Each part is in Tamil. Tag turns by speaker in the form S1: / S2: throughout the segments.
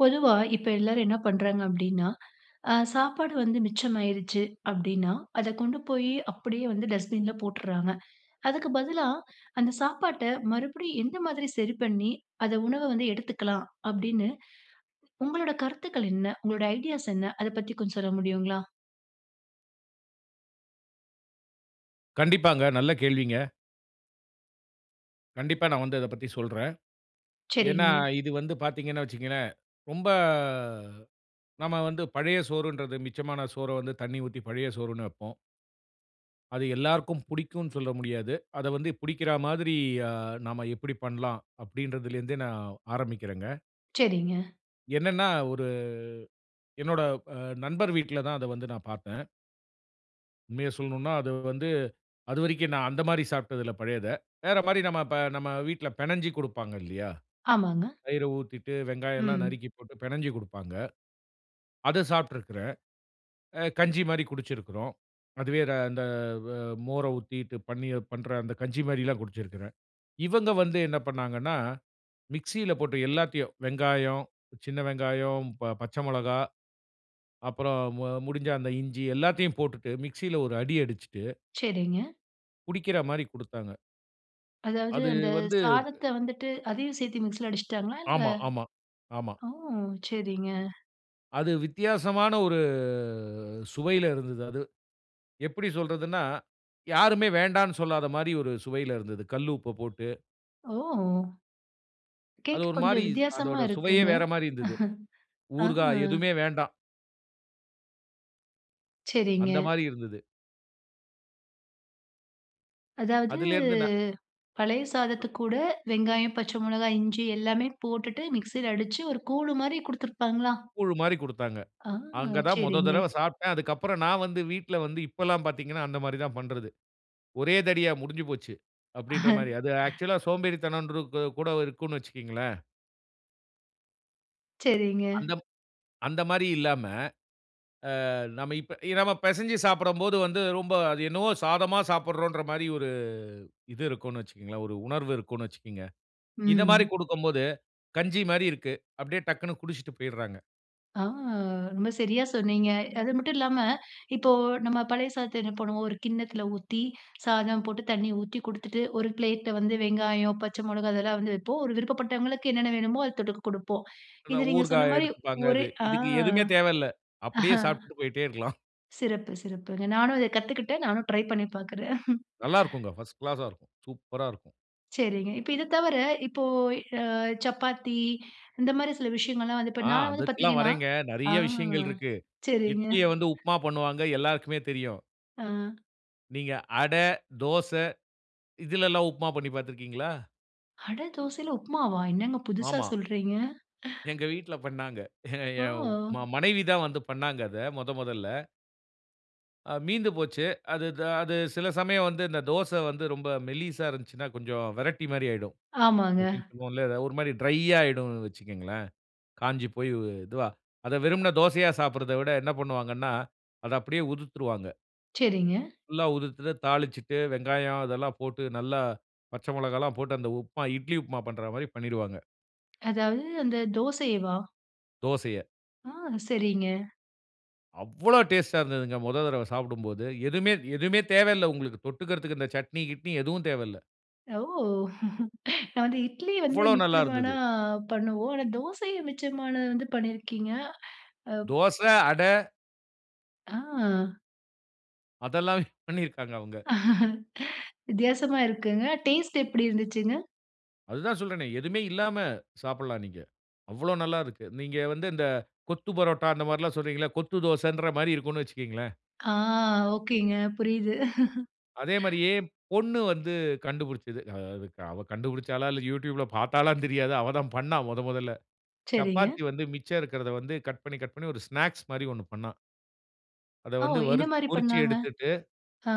S1: பொதுவா இப்போ எல்லாரும் என்ன பண்றாங்க அப்டின்னா, ஆ சாப்பாடு வந்து மிச்சமாயிருச்சு அப்டின்னா, அத கொண்டு போயி அப்டியே வந்து டஸ்ட்பின்ல போட்டுர்றாங்க. அதுக்கு பதிலா அந்த சாப்பாட்ட மறுபடியும் எந்த மாதிரி சரி பண்ணி, அத உணவ வந்து எடுத்துக்கலாம் அப்டின்னு, உங்களோட கருத்துக்கள் என்ன? உங்களோட ஐடியாஸ் என்ன? அதை பத்தி கொஞ்சம் சொல்ல முடியுங்களா.
S2: கண்டிப்பாங்க நல்ல கேள்விங்க! கண்டிப்பா நான் வந்து அதப் பத்தி சொல்றேன். ஏன்னா
S1: சரிங்க.
S2: இது வந்து பாத்தீங்கன்னு வச்சிக்கங்களேன், ரொம்ப நாம வந்து பழைய சோறுன்றது, மிச்சமான சோற வந்து தண்ணீ ஊத்தி பழைய சோறுன்னு வப்போம். அது எல்லாருக்கும் புடிக்குன்னு சொல்ல முடியாது. அத வந்து புடிக்கிறா மாதிரி அ நாம எப்புடி பண்ணலாம், அப்படின்றதுல இருந்தே, நான் ஆரம்பிக்கிறேன்ங்க.
S1: சரிங்க.
S2: என்னென்னா ஒரு என்னோட அ நண்பர் வீட்ல தான் அத வந்து நான் பார்த்தேன். உண்மைய சொல்ணுன்னா, அது வந்து அதுவரைக்கும், நான் அந்த மாதிரி சாப்ட்டதில்ல பழையத. வேற மாரி நம்ம இப்ப நம்ம வீட்ல பெனஞ்சி கொடுப்பாங்க இல்லையா,
S1: ஆமாங்க.
S2: தயிர ஊத்திட்டு, வெங்காயம் எல்லாம்
S1: ம்.
S2: நறுக்கி போட்டு பெனஞ்சி குடுப்பாங்க. அதை சாப்ட்ருக்குறேன். அ கஞ்சி மாரி குடிச்சிருக்கிறோம். அதுவே ர இந்த வ மோரை ஊத்திட்டு, பண்ணி பண்ற அந்த கஞ்சி மாரிலாம் குடிச்சிருக்கிறேன். இவங்க வந்து என்ன பண்ணாங்கன்னா மிக்ஸில போட்டு, எல்லாத்தையும், வெங்காயம், சின்ன வெங்காயம், ப பச்சை மொளகா, அப்பறம் மு முடிஞ்சா அந்த இஞ்சி எல்லாத்தையும் போட்டுட்டு மிக்ஸில ஒரு அடி அடிச்சிட்டு
S1: சரிங்க.
S2: குடிக்கிற மாரி குடுத்தாங்க.
S1: அதாவது
S2: அது
S1: அந்த
S2: வந்து. அ
S1: சாதத்த வந்துட்டு அதையும் சேத்து மிக்ஸில அடிச்ட்டாங்களா? இல்ல,
S2: ஆமா ஆமா ஆமா.
S1: ஓ! செரிங்க.
S2: அது வித்தியாசமான ஒரு, சுவைல இருந்தது, அது எப்படி சொல்றதுனா, யாருமே வேண்டான்னு சொல்லாத மாரி ஒரு சுவைல இருந்தது. கல்லு உப்பு போட்டு
S1: ஓ!
S2: அது
S1: கேக்க
S2: ஒரு
S1: கொஞ்சம்
S2: மாரி,
S1: வித்தியாசமா
S2: அதோட சுவையே
S1: இருக்குங்க.
S2: வேற மாரி இருந்தது. ஊறுகா
S1: ஆ.
S2: எதுவுமே வேண்டாம்.
S1: செரிங்க.
S2: அந்தமாரி இருந்தது.
S1: அதாவது,
S2: அதிலேருந்து நா
S1: பழைய சாதத்துக்கூட, வெங்காயம், பச்ச மொளகா, இஞ்சி எல்லாமே போட்டுட்டு மிக்ஸில அடிச்சு, ஒரு கூழு மாரி குடுத்துருப்பாங்களா?
S2: கூழு மாரி குடுத்தாங்க.
S1: ஆ!
S2: அங்க தான் மொத
S1: செரிங்க.
S2: தடவ சாப்ட்டேன். அதுக்கப்புறம், நான் வந்து வீட்டுல வந்து இப்பல்லாம் பாத்தீங்கன்னா, அந்த மாரி தான் பண்றது. "ஒரே தடவையா முடிஞ்சுபோச்சு." அப்படின்ற மாரி. அது ஆக்சுவல்லா சோம்பேறித்தன ன்று, கூ கூட இருக்கும்ன்னு வச்சுக்கங்களேன்.
S1: செரிங்க.
S2: அந்தம் அந்த மாரி இல்லாம, ஆ நாம இப்ப நாம பெசஞ்சு சாப்படும்போது வந்து, ரொம்ப அது என்னவோ சாதமா சாப்பிட்றோன்ற மாரி ஒரு இது இருக்கும்ன்னு வச்சுக்கோங்களேன். ஒரு உணர்வு இருக்குன்னு வச்சுக்கங்க. இத மாரி
S1: ம்.
S2: குடுக்கும்போது, கஞ்சி மாரி இருக்கு. அப்டியே டக்குன்னு குடிச்ட்டு போய்றாங்க.
S1: ஆ ரொம்ப சரியா சொன்னீங்க. அது மட்டும் இல்லாம இப்போ நம்ம பழைய சாதத்த என்ன பண்ணுவோம், 1 கிண்ணத்துல ஊத்தி சாதம் போட்டு தண்ணீ ஊத்தி குடுத்துட்டு, 1 பிளேட்ல வந்து வெங்காயம், பச்ச மொளகா, அதெல்லாம் வந்து வைப்போம். 1 விருப்பப்பட்டவங்களுக்கு என்னென்ன வேணுமோ, அத தொட்டுக்க குடுப்போம். இது
S2: அதான்
S1: நீங்க
S2: ஊறுகா
S1: சொன்ன மாரி
S2: எடுத்துப்பாங்க
S1: ஒரு
S2: இது.
S1: ஆ
S2: இதுக்கு எதுவுமே தேவல்ல.
S1: அஹ.
S2: அப்பிடியே சாப்பிட்டு போயிட்டே இருக்கலாம்
S1: சிறப்பு, சிறப்புங்க. நானும் அத கத்துக்கிட்டேன். நானும் ட்ரை பண்ணி பாக்கிறேன்
S2: நல்லா இருக்கும்க. ஃபர்ஸ்ட் கிளாஸ்ஸா இருக்கும். சூப்பரா இருக்கும்.
S1: சரிங்க. இப்ப இத தவர, இப்போ அ சப்பாத்தி இந்த மாரி சில விஷயங்கள்ல்லாம் வந்து இப்ப
S2: ஆ
S1: நான் வந்து
S2: அதுக்கெல்லாம்
S1: பாத்தீங்கன்னா
S2: வரேங்க.
S1: ஆ
S2: நெறைய விஷயங்கள் இருக்கு.
S1: சரிங்க
S2: இட்லிய வந்து உப்புமா பண்ணுவாங்க, எல்லாருக்குமே தெரியும்.
S1: ஆ.
S2: நீங்க அடை, தோச இதுலலாம் உப்புமா பண்ணி பாத்திருக்கீங்களா?
S1: அட தோசைல உப்மாவா என்னங்க புதுசா
S2: ஆமா.
S1: சொல்றீங்க
S2: எங்க வீட்ல பண்ணாங்க. எ எ
S1: ஓ!
S2: ம மனைவி தான் வந்து பண்ணாங்க அத, மொத மொதல்ல. அ மீந்து போச்சு. அது த அது சில சமயம் வந்து, அந்த தோச வந்து ரொம்ப மெல்லிசா இருந்துச்சுன்னா, கொஞ்சம் வரட்டிமாரி ஆயிடும்.
S1: ஆமாங்க.
S2: அப்பிடின்னு சொல்லுவோம்ல. எத 1 மாரி ட்ரையாயிடும்னு வச்சுக்கங்களேன். காஞ்சு போய் வ் இதுவா. அத வெறுமன தோசயா சாப்பிடுறத விட என்ன பண்ணுவாங்கன்னா, அத அப்பிடியே உதிர்த்துருவாங்க.
S1: சரிங்க.
S2: ஃபுல்லா உதிர்த்துட்டு தாளிச்சுட்டு வெங்காயம் இதெல்லாம் போட்டு, நல்லா பச்ச மிளகாய்லாம் போட்டு அந்த உப்புமா, இட்லி உப்புமா பண்றா மாரி பண்ணிடுவாங்க.
S1: அந்த தோசையவா?
S2: தோசைய.
S1: ஆ! சரிங்க.
S2: அவ்வளோ! டேஸ்ட் ஆ இருந்ததுங்க, முதல் தடவ சாப்பிடும்போது, எதுவுமே எதுவுமே தேவையில்ல, உங்களுக்கு தொட்டுக்குறதற்கு இந்த சட்னி கிட்னி எதுவும் தேவையில்ல.
S1: ஓ! நான் வந்து இட்லி வந்து
S2: அவ்ளோ
S1: மிச்சமான
S2: நல்லாருந்தது!
S1: பண்ணுவோம். ஆனா தோசைய மிச்சமானது வந்து பண்ணியிருக்கீங்க. அ.
S2: தோசை, அட.
S1: ஆ!
S2: அதெல்லா பண்ணிருக்காங்க அவுங்க
S1: வித்தியாசமா இருக்குங்க. டேஸ்ட் எப்பிடி இருந்துச்சுங்க?
S2: அதுதா சொல்றேனே. எதுவுமே இல்லாம சாப்புட்லாம் நீங்க. அவ்ளோ நல்லாருக்கு. நீங்க வந்து இந்த கொத்து பரோட்டா அந்தமாரிலாம் சொல்றீங்கள. கொத்து தோசைன்றமாரி இருக்குன்னு வச்சுக்கங்களேன்.
S1: ஆ, ஓகேங்க புரியுது
S2: அதே மாதிரியே பொண்ணு வந்து கண்டுபிடிச்சுது. அதுக் அவ கண்டுபிடிச்சாளா! இல்ல யூட்யூப் ல பார்த்தாளான்னு தெரியாது. அவ தான் பண்ணா மொத மொதல்ல.
S1: சரிங்க.
S2: சப்பாத்தி வந்து மிச்சம் இருக்குறத வந்து கட் பண்ணி, கட் பண்ணி 1 ஸ்நாக்ஸ் மாரி 1 பண்ணா. அத
S1: ஓ!
S2: வந்து
S1: என்ன
S2: வறுத்
S1: மாதிரி
S2: பொறிச்சு
S1: பண்லாங்க?
S2: எடுத்துட்டு.
S1: ஆ.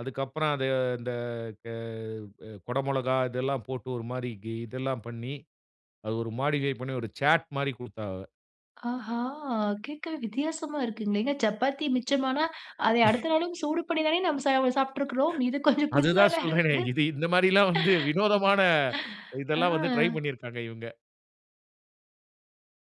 S2: அதுக்கப்பறம், அது அந்த க அ குட மொளகா, இதெல்லாம் போட்டு, ஒரு மாரி கி இதெல்லாம் பண்ணி, அது ஒரு மாடிஃபை பண்ணி ஒரு சாட் மாரி குடுத்தா அவ.
S1: ஆ! கேட்கவே வித்தியாசமா இருக்குங்களே. ஏங்க, சப்பாத்தி மிச்சமானா, அத அடுத்த நாளும் சூடு பண்ணி தானே நாம சா சாப்ட்டுருக்கிறோம். இது கொஞ்சம் புதுசால
S2: அதுதான் சொல்றேனே.
S1: இருக்குது!
S2: இது இந்த மாரில்லாம் வந்து வினோதமான
S1: ஆ.
S2: இதெல்லாம் வந்து, ட்ரை பண்ணிருக்காங்க இவுங்க.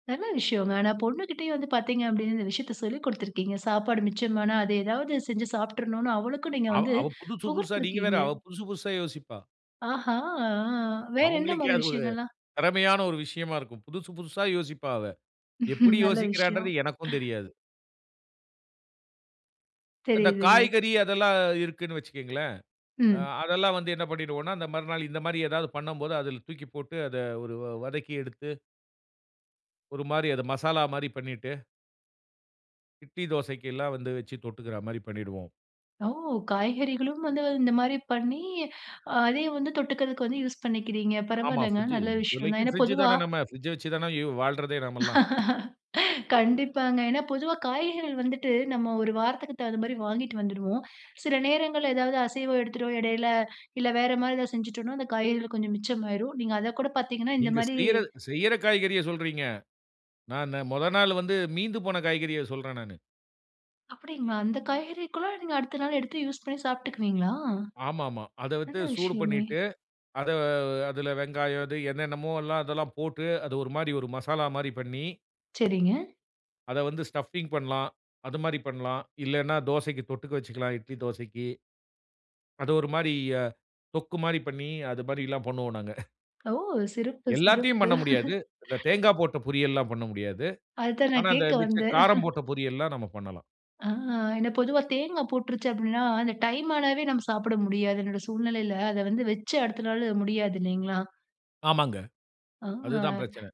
S1: நல்ல விஷயம்ங்க. ஆனா பொண்ணு கிட்டயும் வந்து பாத்தீங்க, அப்பிடீன்னு, இந்த விஷயத்த சொல்லி குடுத்திருக்கீங்க. சாப்பாடு மிச்சமானா, அது ஏதாவது செஞ்சு சாப்ட்றனுன்னு அவளுக்கும் நீங்க
S2: அவ
S1: வந்து
S2: அவ புதுசு புதுசா, நீங்க வேற,
S1: புகர்த்திருக்கீங்க.
S2: அவ புதுசு புதுசா யோசிப்பா.
S1: ஆஹா! அ, வேற என்ன
S2: அவங்களுக்கே,
S1: மாரி
S2: அது ஒரு
S1: விஷயங்கள்லாம்?
S2: திறமையான ஒரு விஷயமா இருக்கும். புதுசு புதுசா யோசிப்பா அவ. எப்பிடி
S1: நல்ல விஷயம்.
S2: யோசிக்கிறான்றது எனக்கும் தெரியாது. இந்த
S1: தெரியுதுங்க.
S2: காய்கறி, அதெல்லாம் இருக்குன்னு வச்சுக்கங்களேன். அ
S1: ம்.
S2: அதெல்லாம் வந்து என்ன பண்ணிடுவோன்னா, இந்த மறுநாள் இந்த மாரி ஏதாவது பண்ணம்போது, அதுல தூக்கி போட்டு, அத ஒரு வ வதக்கி எடுத்து ஒரு மாரி, அது மசாலா மாரி பண்ணிட்டு. இட்லி, தோசைக்கெல்லாம் வந்து வச்சு, தொட்டுக்கிறா மாரி பண்ணிடுவோம்.
S1: ஓ! காய்கறிகளும் வந்து, இந்த மாரி பண்ணி, அதையும் வந்து தொட்டுக்கிறதுக்கு வந்து யூஸ் பண்ணிக்கிறீங்க.
S2: ஆமா,
S1: பரவால்லங்க,
S2: ஃப்ரிட்ஜு
S1: நல்ல விஷயம் தான்.
S2: இப்போதைக்கு
S1: ஏன்னா
S2: ஃப்ரிட்ஜ்ஜி
S1: பொதுவா
S2: தானே நம்ம ஃப்ரிட்ஜ வச்சு தானே இவ் வாழ்றதே நம்மல்லாம்.
S1: கண்டிப்பாங்க. ஏன்னா, பொதுவா காய்கறிகள் வந்துட்டு, நாம ஒரு வாரத்துக்கு தகுந்த மாரி வாங்கிட்டு வந்துடுவோம். சில நேரங்கள்ல ஏதாவது அசைவம் எடுத்துட்டோம் இடைல, இல்ல வேற மாரி ஏதாவது செஞ்சுட்டோன்னா, அந்த காய்கறிகள் கொஞ்சம் மிச்சமாயிரும். நீங்க அத கூட பாத்தீங்கன்னா இந்த
S2: நீங்க
S1: மாரி
S2: செய்ற செய்யற காய்கறிய சொல்றீங்க. நான், இன்ன மொத நாள் வந்து, மீந்து போன காய்கறிய சொல்றேன் நானு.
S1: அப்பிடிங்களா! அந்த காய்கறிக்கெல்லாம் அடுத்த நாள் எடுத்து யூஸ் பண்ணி சாப்பிட்டுக்குவீங்களா?
S2: ஆமா, ஆமா அத வச்சு
S1: நல்ல
S2: சூடு
S1: விஷயமே!
S2: பண்ணிட்டு, அத அதுல வெங்காயம், இது என்னென்னமோல்லாம் அதெல்லாம் போட்டு அது 1 மாரி 1 மசாலா மாரி பண்ணி
S1: சரிங்க.
S2: அத வந்து ஸ்டப்பிங் பண்லாம். அது மாரி பண்லாம். இல்லன்னா தோசைக்கு தொட்டுக்க வச்சுக்கலாம். இட்லி தோசைக்கி. அது 1 மாரி அ தொக்கு மாரி பண்ணி, அது மாரிலாம் பண்ணுவோம் நாங்க
S1: ஓ! சிறப்பு,
S2: எல்லாத்தையும்
S1: சிறப்பு.
S2: பண்ண முடியாது. அந்த தேங்கா போட்ட பொரியல்லாம் பண்ண முடியாது.
S1: அதுதான்
S2: ஆனா,
S1: நான்
S2: அந்த
S1: கேட்க
S2: மிச்ச
S1: வந்தேன்
S2: காரம் போட்ட பொரியல்லாம் நம்ம பண்ணலாம்.
S1: ஆ ஏன்னா பொதுவா தேங்கா போட்டுருச்சு அப்பிடின்னா, அந்த டைம் ஆனாவே நம்ம சாப்பிட முடியாது. என்னோட சூழ்நிலையில அத வந்து வச்சு அடுத்த நாள் முடியாது இல்லேங்களா?
S2: ஆமாங்க.
S1: ஆ,
S2: அதுதான் பிரச்சன.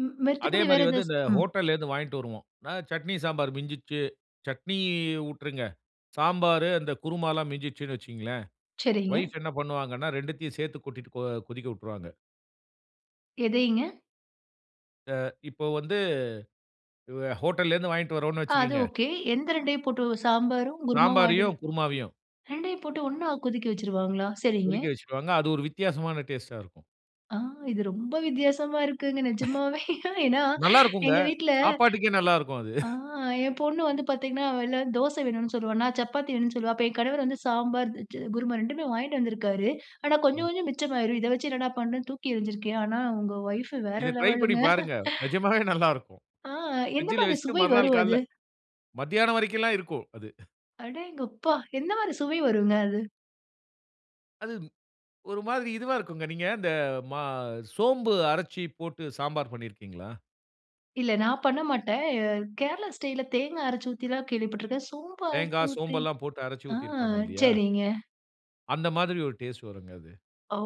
S1: ம்.
S2: அதே
S1: மத்தபடி
S2: மாரி
S1: வேற
S2: வந்து
S1: எதாச்
S2: இந்த
S1: ம்.
S2: ஹோட்டல்ல இருந்து வாங்கிட்டு வருவோம். அ சட்னி, சாம்பார் மிஞ்சிருச்சு, சட்னி விட்டுருங்க, சாம்பாரு அந்த குருமாலாம் மிஞ்சிச்சுன்னு வச்சுக்கங்களேன்,
S1: சரிங்க.
S2: வைஃப் என்ன பண்ணுவாங்கன்னா 2 த்தையும் சேர்த்து கொட்டிட்டு போ கொதிக்க விட்டுருவாங்க.
S1: எதைங்க?
S2: அ இப்ப வந்து இவ ஹோட்டல்ல இருந்து வாங்கிட்டு வரோன்னு
S1: ஆ அது
S2: வச்சுக்கங்க.
S1: ஓகே. எந்த 2 டையும் போட்டு சாம்பாரும் குருமாவும் வாங்கிடு
S2: சாம்பாரையும், குருமாவையும்.
S1: ரெண்டையும் போட்டு 1 னா கொதிக்க வச்சுருவாங்களா? சரிங்க.
S2: கொதிக்க வச்சிருவாங்க. அது 1 வித்தியாசமான டேஸ்டா இருக்கும்.
S1: ஆ. இது ரொம்ப வித்தியாசமா இருக்குங் நிஜமாவே. ஏன்னா,
S2: நல்லா இருக்கும்ங்க.
S1: எங்க வீட்டுல
S2: சாப்பாட்டுக்கே நல்ல இருக்கும் அது.
S1: அ என் பொண்ணு வந்து பாத்தீங்கன்னா, வெ தோசை வேணும்னு சொல்லுவா, நான் சப்பாத்தி வேணும்னு சொல்லுவேன். அப்போ என் கணவர் வந்து சாம்பார் எ சு குருமா ரெண்டுமே வாங்கிட்டு வந்திருக்காரு. ஆனா, கொஞ்சம்
S2: ம்.
S1: கொஞ்சம் மிச்சமாகிடும். இத வச்சு என்னடா பண்ணுறன்னு தூக்கி எரிஞ்சிருக்றேன். ஆனா, உங்க ஒய்ஃப் வேற
S2: இத ட்ரை பண்ணி
S1: லெவலுங்க.
S2: பாருங்க. நிஜமாகவே நல்ல இருக்கும்.
S1: அ. எந்த
S2: பிரிட்ஜ்யில
S1: மாரி
S2: வைச்சிட்டு
S1: சுவை
S2: மறுநாள்
S1: வரும் அது?
S2: காலையில மதியானம் வரைக்கும் எல்லாம் இருக்கும் அது.
S1: அடேங்கப்பா! எந்த மாரி சுவை வருங்க அது?
S2: அது ஒரு மாரி இதுவா இருக்கும். நீங்க இந்த ம சோம்பு அரைச்சு போட்டு சாம்பார் பண்ணியிருக்கிறீங்களா?
S1: இல்ல, நான் பண்ண மாட்டேன் அ கேரளா ஸ்டைல்ல தேங்காய் அரைச்சு ஊத்தி கேள்விப்பட்டுருக்கேன், சோம்பு அரைச்சு
S2: தேங்காய், சோம்பு
S1: ஊத்தி.
S2: எல்லாம் போட்டு அரைத்து
S1: ஆ
S2: ஊத்தியிருப்பாங்க இல்லயா?
S1: சரிங்க.
S2: அந்த மாரி ஒரு டேஸ்ட் வருங்க அது.
S1: ஓ!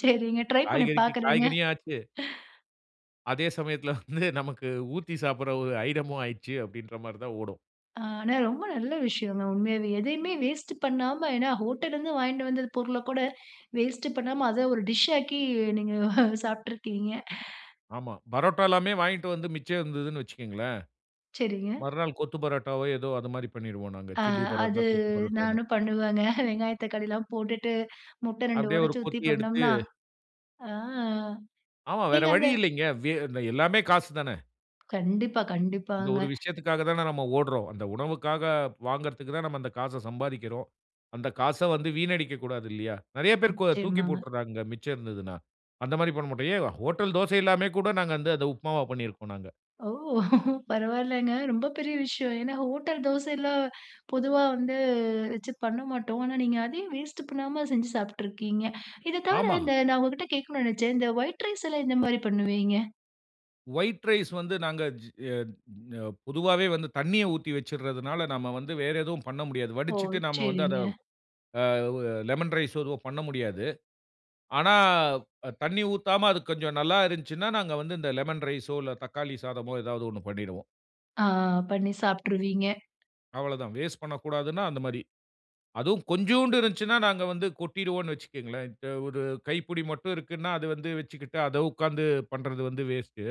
S1: சரிங்க. ட்ரை பண்ணி
S2: காய்கறிக்கு
S1: பாக்குறேங்க.
S2: காய்கறியும் ஆச்சு. அதே சமயத்துல வந்து நமக்கு ஊத்தி சாப்புடுற ஒரு ஐட்டமும் ஆயிட்டுச்சி, அப்படிங்குற மாரி தான் ஓடும்.
S1: ஆனா, ரொம்ப நல்ல விஷயங்க உண்மையாவே. எதையுமே வேஸ்ட் பண்ணாம ஏன்னா, ஹோட்டல்ல இருந்து வாங்கிட்டு வந்த பொருள்ல கூட வேஸ்ட் பண்ணாம, அத ஒரு டிஷ் ஆக்கி நீங்க சாப்புட்டுருக்கீங்க.
S2: ஆமா. பரோட்டா எல்லாமே வாங்கிட்டு வந்து மிச்சம் இருந்துச்சினு வைச்சிக்கோங்களேன்.
S1: சரிங்க.
S2: மறுநாள் கொத்து பரோட்டாவோ, ஏதோ அது மாரி பண்ணிடுவோம் நாங்க
S1: அ
S2: சில்லி
S1: அது
S2: பரோட்டா, கொத்து பரோட்டான்னு.
S1: நானும் பண்ணுவேங்க. வெங்காயம், தக்காளி எல்லாம் போட்டுட்டு, முட்டை ரெண்டு
S2: அப்படியே ஒரு
S1: உடைச்சி ஊத்தி
S2: கொத்தி எடுத்து.
S1: பண்ணோம்னா அ.
S2: ஆமா, வேற
S1: நீங்க அந்த
S2: வழி இல்லங்க. வே எல்லாமே காசு தான.
S1: கண்டிப்பா,
S2: அந்த
S1: கண்டிப்பாங்க.
S2: 1 விஷயத்துக்காக தான நம்ம ஓடுறோம். அந்த உணவுக்காக வாங்குறதுக்கு தான் நம்ம அந்த காச சம்பாரிக்கிறோம். அந்த காச வந்து வீணடிக்கக்கூடாது இல்லியா? நெறைய பேர் கோ அத தூக்கி
S1: நிச்சயமாங்க.
S2: போட்டுறாங்க, மிச்சம் இருந்ததுனா. அந்த மாரி பண்ண மாட்டோம். ஏன், ஹோட்டல் தோசை எல்லாமே கூட, நாங்க வந்து அத உப்புமாவா பண்ணியிருக்கிறோம் நாங்க.
S1: ஓ! பரவாயில்லைங்க ரொம்ப பெரிய விஷயம். ஏன்னா, ஹோட்டல் தோசை எல்லாம் பொதுவா வந்து வச்சு பண்ண மாட்டோம். ஆனா, நீங்க அதையும் வேஸ்ட் பண்ணாம செஞ்சி சாப்ட்டுருக்கீங்க இத தவிர,
S2: ஆமா.
S1: இந்த நான் உங்கக்கிட்ட கேக்கணுனு நெனச்சேன், இந்த ஒயிட் ரைஸ் எல்லாம் எந்த மாதிரி பண்ணுவீங்க?
S2: ஒயிட் ரைஸ் வந்து நாங்க ஜி அ பொதுவாவே வந்து தண்ணீய ஊத்தி வச்சிடுறதுனால, நாம வந்து வேற எதுவும் பண்ண முடியாது.
S1: ஓ!
S2: வடிச்சிட்டு நாம வந்து அத
S1: சரிங்க.
S2: அ ஒ எ லெமன் ரைஸ் எதுவும் பண்ண முடியாது. ஆனா, அ தண்ணீ ஊத்தாம அது கொஞ்சம் நல்லா இருந்துச்சுன்னா, நாங்க வந்து இந்த லெமன் ரைஸ்ஸோ இல்ல தக்காளி சாதமோ ஏதாவது 1 பண்ணிடுவோம்.
S1: ஆ, பண்ணி சாப்ட்டுருவீங்க.
S2: அவ்வளதான், வேஸ்ட் பண்ணக்கூடாதுன்னா அந்தமாரி. அதுவும் கொஞ்சூண்டு இருந்துச்சுன்னா, நாங்க வந்து கொட்டிடுவோண்ணு வச்சுகங்களேன். இத்த 1 கைப்புடி மட்டும் இருக்குன்னா, அத வந்து வச்சிக்கிட்டு, அத உக்காந்து பண்றது வந்து வேஸ்ட்டு.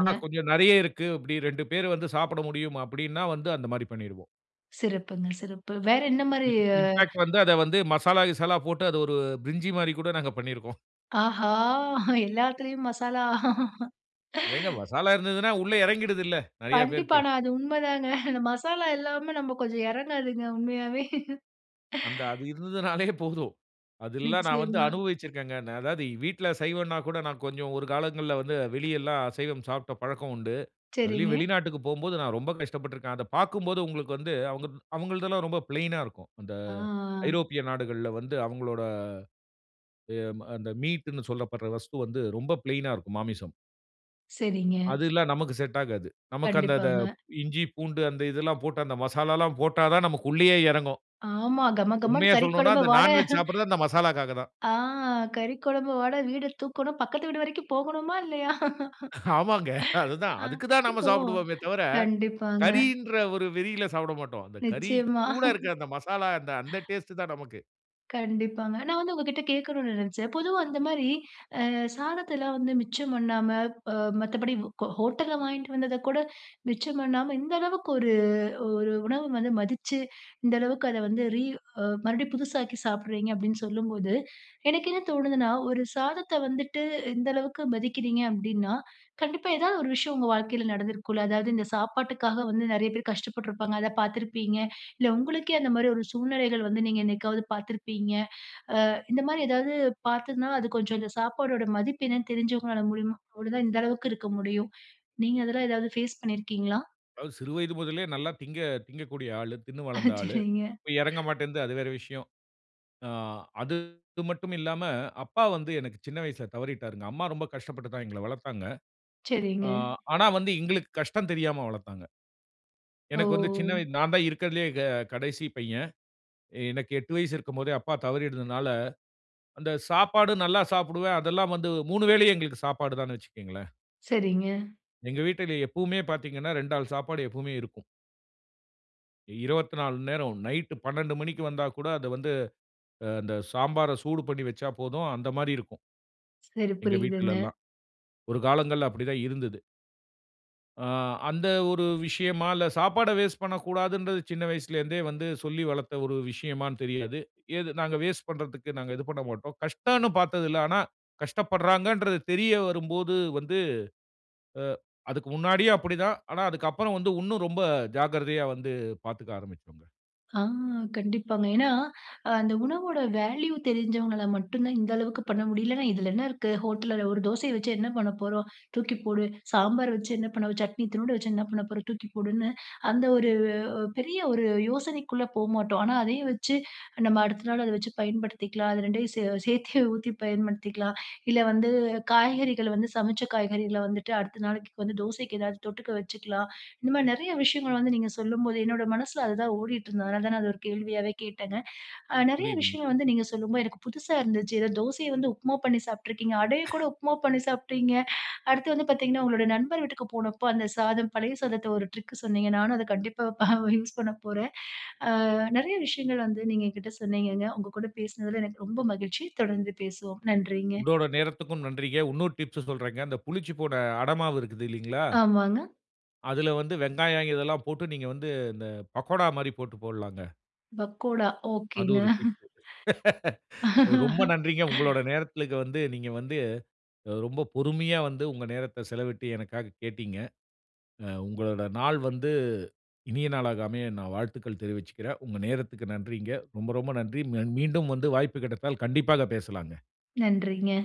S2: ஆனா கொஞ்சம் நெறைய இருக்கு. அப்பிடி 2 பேரு வந்து சாப்பிட முடியும் அப்பிடின்னா, வந்து அந்தமாரி பண்ணிருவோம்.
S1: சிறப்புங்க. சிறப்பு வேற என்னமாரி?
S2: இன் இன்ஃபாக்ட் வந்து அத வந்து மசாலா, கிசாலா போட்டு அத 1 பிரிஞ்சிமாரி கூட நாங்க பண்ணியிருக்கோம்.
S1: ஆஹா! எல்லாத்துலயும் மசாலா
S2: ஏங்க மசாலா இருந்ததுனா, உள்ளே இறங்கிடுதுல்ல. நிறைய
S1: கண்டிப்பா.
S2: பேருக்கு.
S1: ஆனா, அது உண்மைதாங்க. அந்த மசாலா இல்லாம நம்ம கொஞ்சம் இறங்காதுங்க உண்மையாவே
S2: அந்த அது இருந்ததுனாலே போதும் அதெல்லா நான் வந்து
S1: நிச்சயமா.
S2: அனுபவிச்சுருக்கேங்க. ந அதாவது வீட்டில சைவம்னா கூட நான் கொஞ்சம் 1 காலங்கள்ல வந்து வெளி எல்லாம் அசைவம் சாப்பிட்ட பழக்கம் உண்டு. அதிலேயும்
S1: சரிங்க.
S2: வெளிநாட்டுக்கு போம்போது நான் ரொம்ப கஷ்டப்பட்டு இருக்கேன். அத பார்க்கும்போது உங்களுக்கு வந்து, அவுங்க அவுங்களதெல்லாம் ரொம்ப ஃப்ளெயினா இருக்கும். அந்த
S1: ஆ, ஆ.
S2: ஐரோப்பிய நாடுகள்ல வந்து அவுங்களோட எ அந்த மீட்ன்னு சொல்லப்படுற வஸ்து வந்து ரொம்ப ப்ளைனா இருக்கும். மாமிசம்.
S1: சரிங்க.
S2: அது எல்லா நமக்கு செட் ஆகாது. நமக்கு அந்த அத
S1: கண்டிப்பாங்க.
S2: இஞ்சி, பூண்டு அந்த இதெல்லாம் போட்டு அந்த மசாலாலாம் போட்டாதான் நமக்கு உள்ளேயே இறங்கும்.
S1: ஆமா, கமகமன்னு
S2: உண்மையா சொல்லணுனா
S1: கறிக்குழம்பு
S2: அந்த
S1: வாட
S2: நான்வெஜ் சாப்புடுறது அந்த மசாலாக்காக தான்.
S1: ஆ! கறிக்குழம்பு வாட வீடு தூக்கணும். பக்கத்து வீடு வரைக்கும் போகணுமா? இல்லையா?
S2: அ ஆமாங்க. அது தான்
S1: ஆ,
S2: அதுக்கு தான் நாம
S1: இப்போ,
S2: சாப்புடுவோமே தவிர,
S1: கண்டிப்பாங்க.
S2: கறின்ற 1 வெறில சாப்பிட மாட்டோம். அந்த கறி
S1: நிச்சயமா
S2: கூட இருக்குற, அந்த மசாலா அந்த டேஸ்ட்டு தான் நமக்கு.
S1: கண்டிப்பாங்க. நான் வந்து உங்ககிட்ட கேட்கணும்னு நினைச்சேன். பொதுவா அந்தமாரி, அ சாதத்தெல்லாம் வந்து மிச்சம் பண்ணாம, அ மத்தபடி ஹோ ஹோட்டல்ல வாங்கிட்டு வந்தத கூட மிச்சம் பண்ணாம, இந்த அளவுக்கு 1, 1 உணவ வந்து மதிச்சு, இந்த அளவுக்கு அத வந்து, ரீ அ மறுபடியும் புதுசாக்கி சாப்பிடுறீங்க, அப்பிடின்னு சொல்லும்போது எனக்கு என்ன தோணுதுன்னா, 1 சாதத்த வந்துட்டு, இந்த அளவுக்கு மதிக்கிறீங்க, அப்பிடீன்னா கண்டிப்பா, ஏதாவது 1 விஷயம், உங்க வாழ்க்கையில நடந்திருக்கும்ல. அதாவது, இந்த சாப்பாட்டுக்காக வந்து, நிறைய பேர் கஷ்டப்பட்டுருப்பாங்க. அத பார்த்திருப்பீங்க, இல்ல உங்களுக்கே அந்தமாரி 1 சூழ்நிலைகள் வந்து, நீங்க என்னைக்காவது பார்த்திருப்பீங்க அ இந்தமாரி ஏதாவது பார்த்திருந்தாலும், அது கொஞ்சம் இந்த சாப்பாடோட மதிப்பு என்னன்னு தெரிஞ்சவங்கனால மூலியமா அப்பிடிதான் இந்த அளவுக்கு இருக்க முடியும் நீங்க அதெல்லாம் ஏதாவது ஃபேஸ் பண்ணியிருக்கீங்களா?
S2: அதாவது சிறு வயது முதலே நல்லா திங்க திங்கக்கூடிய ஆளு. தின்னு
S1: அ
S2: வளந்த ஆளு.
S1: சரிங்க
S2: இப்ப இறங்க மாட்டேன்து. அது வேற விஷயம். ஆ அது மட்டும் இல்லாம, அப்பா வந்து எனக்கு சின்ன வயசுல தவறிட்டாருங்க. அம்மா ரொம்ப கஷ்டப்பட்டு தான் எங்கள வளர்த்தாங்க.
S1: சரிங்க.
S2: ஆ ஆனா வந்து எங்களுக்கு கஷ்டம் தெரியாம வளர்த்தாங்க. எனக்கு வந்து சின்ன
S1: ஓ!
S2: வய நான் தான் இருக்கிறதிலயே க கடைசி பையன். எனக்கு 8 வயசு இருக்கும் போதே அப்பா தவறிட்டதுனால, அந்த சாப்பாடு நல்லா சாப்புடுவேன். அதெல்லாம் வந்து, 3 வேளையும் எங்களுக்கு சாப்பாடு தான்னு வச்சுக்கங்களேன்.
S1: சரிங்க.
S2: எங்க வீட்டிலே எப்பவுமே பார்த்தீங்கன்னா, 2 ஆள் சாப்பாடு எப்பவுமே இருக்கும். 24 மண் நேரம், நைட்டு 12 மணிக்கு வந்தா கூட அத வந்து ஆ அந்த சாம்பார சூடு பண்ணி வச்சா போதும். அந்த மாரி இருக்கும்.
S1: சரி,
S2: எங்க
S1: புரியுதுங்க.
S2: வீட்டுலலாம். ஒரு காலங்கள்ல அப்படி தான் இருந்தது. ஆ, அந்த ஒரு விஷயமா இல்ல சாப்பாட வேஸ்ட் பண்ணக்கூடாதுன்றது, சின்ன வயசுலருந்தே வந்து சொல்லி வளத்த ஒரு விஷயமான்னு தெரியாது. இது நாங்க வேஸ்ட் பண்றதுக்கு நாங்க இது பண்ணமாட்டோம். கஷ்டன்னு பாத்ததில்ல. ஆனா, கஷ்டப்படுறாங்கன்றது தெரிய வரும்போது வந்து அ அதுக்கு முன்னாடியும் அப்படி தான். ஆனா அதுக்கப்பறம் வந்து, உன்னும் ரொம்ப ஜாக்கிரதையா வந்து, பாத்துக்க ஆரம்பிச்சோங்க.
S1: ஆ, கண்டிப்பாங்க. ஏன்னா அ, அந்த உணவோட வேல்யூ தெரிஞ்சவங்கள மட்டும் தான் இந்த அளவுக்கு பண்ண முடியும். இல்லன்னா, இதுல என்ன இருக்கு? ஹோட்டல்ல உள்ள ஒரு தோசைய வச்சு என்ன பண்ண போறோம்? தூக்கி போடு. சாம்பார் வச்சு என்ன பண்ண, சட்னி இத்துனூன்டு வச்சு என்ன பண்ண போறோம்? தூக்கி போடுன்னு, அந்த ஒரு ஓ பெரிய ஒரு யோசனைக்குள்ள போமாட்டோம். ஆனா அதையே வச்சி, நம்ம அடுத்த நாள் அத வச்சு பயன்படுத்திக்கலாம், அது 2யும் சே சேத்தே ஊத்தி பயன்படுத்திக்கலாம். இல்ல வந்து, காய்கறிகள வந்து, சமச்ச காய்கறிகள வந்துட்டு, அடுத்த நாளைக்கு வந்து, தோசைக்கு ஏதாவது தொட்டுக்க வச்சுக்கலாம். இந்த மாரி நெறைய விஷயங்கள வந்து நீங்க சொல்லும்போது, என்னோட மனசுல அதுதான் ஓடிட்டு இருந்தது. அதனால தான் நான் அத ஒரு கேள்வியாவே கேட்டங்க. அ, நெறைய
S2: புரியுதுங்க.
S1: விஷயங்கள் வந்து நீங்க சொல்லும்போது, எனக்கு புதுசா இருந்துச்சு. ஏதோ தோசைய வந்து, உப்மா பண்ணி சாப்பிட்டுருக்கீங்க. அடைய கூட உப்மா பண்ணி சாப்ட்டீங்க. அடுத்து வந்து பாத்தீங்கன்னா, உங்களோட நண்பர் வீட்டுக்கு போனப்போ, அந்த சாதம், பழைய சாதத்த ஒரு ட்ரிக்கு சொன்னீங்க. நானும் அத கண்டிப்பா பா அ யூஸ் பண்ணப்போறேன். ஆ, நெறைய விஷயங்கள் வந்து, நீங்க என்கிட்ட சொன்னீங்கங்க. உங்கக்கூட பேசுனதுல எனக்கு ரொம்ப மகிழ்ச்சி. தொடர்ந்து பேசுவோம். நன்றிங்க.
S2: உங்களோட நேரத்துக்கும் நன்றிங்க. உன்னொரு டிப்ஸ்சு சொல்றேங்க. அந்த புளிச்சு போன, அடமாவு இருக்குதில்லைங்களா
S1: ஆமாங்க.
S2: அதுல வந்து வெங்காயம் இதெல்லாம் போட்டு, நீங்க வந்து இந்த, பக்கோடா மாரி போட்டு போடலாங்க.
S1: பக்கோடா,
S2: அது
S1: ஓகேங்க.
S2: ஒரு டிப்பு. ரொம்ப நன்றிங்க. உங்களோட நேரத்துல இங்க வந்து நீங்க வந்து அ ரொம்ப பொறுமையா வந்து, உங்க நேரத்த செலவிட்டு எனக்காக கேட்டீங்க. அ உங்களோட நாள் வந்து, இனிய நாளாக அமைய, நான் வாழ்த்துக்கள் தெரிவிச்சுக்குறேன். உங்க நேரத்துக்கு நன்றிங்க. ரொம்ப, ரொம்ப நன்றி! ம்ம மீண்டும் வந்து வாய்ப்பு கிடைத்தால் கண்டிப்பாக பேசலாங்க.
S1: நன்றிங்க.